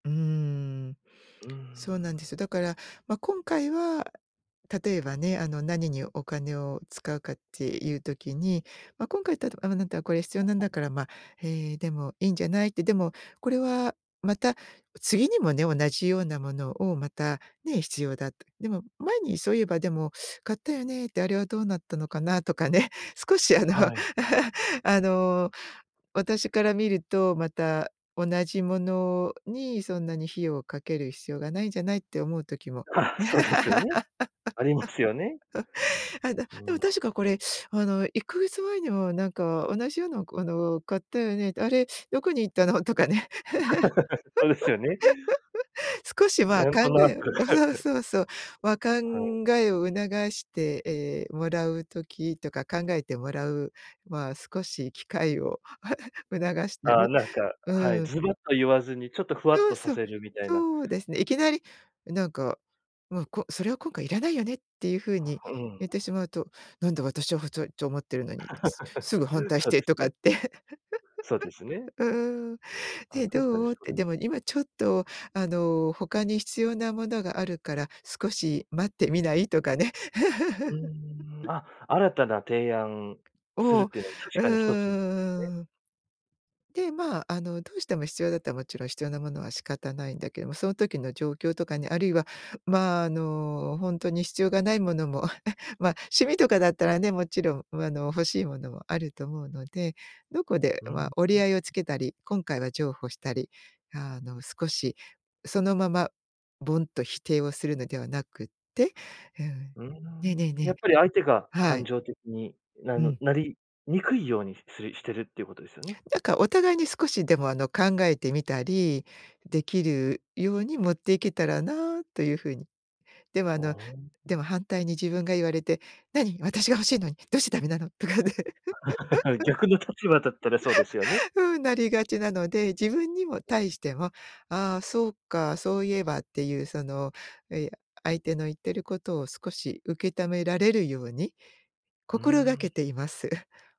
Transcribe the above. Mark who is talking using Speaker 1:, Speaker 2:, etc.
Speaker 1: うーん。
Speaker 2: うーん。
Speaker 1: そうなんですよ。だから、ま、今回は例えばね、あの、何にお金を使うかっていう時に、ま、今回だと、あ、ま、なったらこれ必要なんだから、ま、え、でもいいんじゃないって、でもこれはまた次にもね、同じようなものをまたね、必要だと。でも前にそういえばでも買ったよねってあれはどうなったのかな？とかね、少しあの、
Speaker 2: はい。
Speaker 1: あの、私から見るとまた同じものに、そんなに費用をかける必要がないんじゃない？って思うときも。
Speaker 2: あ、そうですよね。ありますよね。
Speaker 1: あ、だ
Speaker 2: う
Speaker 1: でも
Speaker 2: ん。
Speaker 1: 確かこれ、あの、1か月前にもなんか、同じような、こ、あの、買ったよね、あれどこに行ったの？とかね。
Speaker 2: そうですよね。
Speaker 1: 少しは
Speaker 2: なん
Speaker 1: 考
Speaker 2: となく。
Speaker 1: えあ、そう そうそう。ま、考
Speaker 2: はい。
Speaker 1: えを促して、ええ、もらう時とか考えてもらう、ま、少し機会を、促した
Speaker 2: ああ、
Speaker 1: り、
Speaker 2: なんか、は
Speaker 1: う
Speaker 2: い、
Speaker 1: ん。
Speaker 2: ズバッと言わずにちょっとふわっ
Speaker 1: そう
Speaker 2: とさ
Speaker 1: そう、
Speaker 2: せるみたいな。
Speaker 1: そうですね。いきなりなんか、ま、こそれは今回いらないよねっていう風に
Speaker 2: うん。
Speaker 1: 言ってしまうと、なんで私はふといと思ってるのに、すすぐ反 対し
Speaker 2: そう
Speaker 1: て
Speaker 2: です
Speaker 1: とかっ
Speaker 2: ね。
Speaker 1: て。
Speaker 2: そうですね。
Speaker 1: ううん。
Speaker 2: あ、
Speaker 1: で、
Speaker 2: 確かに
Speaker 1: どう？っ
Speaker 2: そ
Speaker 1: て、で
Speaker 2: れ
Speaker 1: も今ちょっと、あの、他に必要なものがあるから少し待ってみないとかね。
Speaker 2: うー ん、あ、新たな提案す
Speaker 1: お
Speaker 2: る
Speaker 1: お、
Speaker 2: っ
Speaker 1: う
Speaker 2: ていうのは、確かに一つ、ね。
Speaker 1: ーん。で、ま、あの、どうしても必要だったらもちろん必要なものは仕方ないんだけども、その時の状況とかね、あるいは、まあ、あの、ほんとに必要がないものも、あ、え、ま、趣味とかだったらね、もちろん、あの、欲しいものもあると思うので、どこで、
Speaker 2: うん。
Speaker 1: ま
Speaker 2: ふ
Speaker 1: あ、
Speaker 2: ん。
Speaker 1: 折り合いをつけたり、今回は譲歩したり、あの、少しそのままボンと否定をするのではなくって、うん。
Speaker 2: うー
Speaker 1: ねね
Speaker 2: ん、や
Speaker 1: ね
Speaker 2: っぱり相手が
Speaker 1: は
Speaker 2: 感
Speaker 1: い。
Speaker 2: 情的に、な
Speaker 1: う
Speaker 2: の
Speaker 1: ん。
Speaker 2: なりにくいように、すするしてるっていうことですよね？
Speaker 1: なんか、お互いに少しでも、あの、考えてみたりできるように持っていけたらなという風に。でも、あ
Speaker 2: ああ
Speaker 1: の、でも
Speaker 2: ああ。
Speaker 1: 反対に自分が言われて「何、私が欲しいのにどうしてダメなの？」とかね。
Speaker 2: 逆の立場だったらそうですよね。
Speaker 1: ふーん、なりがちなので、自分にも、対し
Speaker 2: [unintelligible]
Speaker 1: ても、ああそうか、そういえばっていうその、え、や、相手の言ってることを少し受けためられるように
Speaker 2: うー
Speaker 1: 心がけ
Speaker 2: ん。
Speaker 1: ています。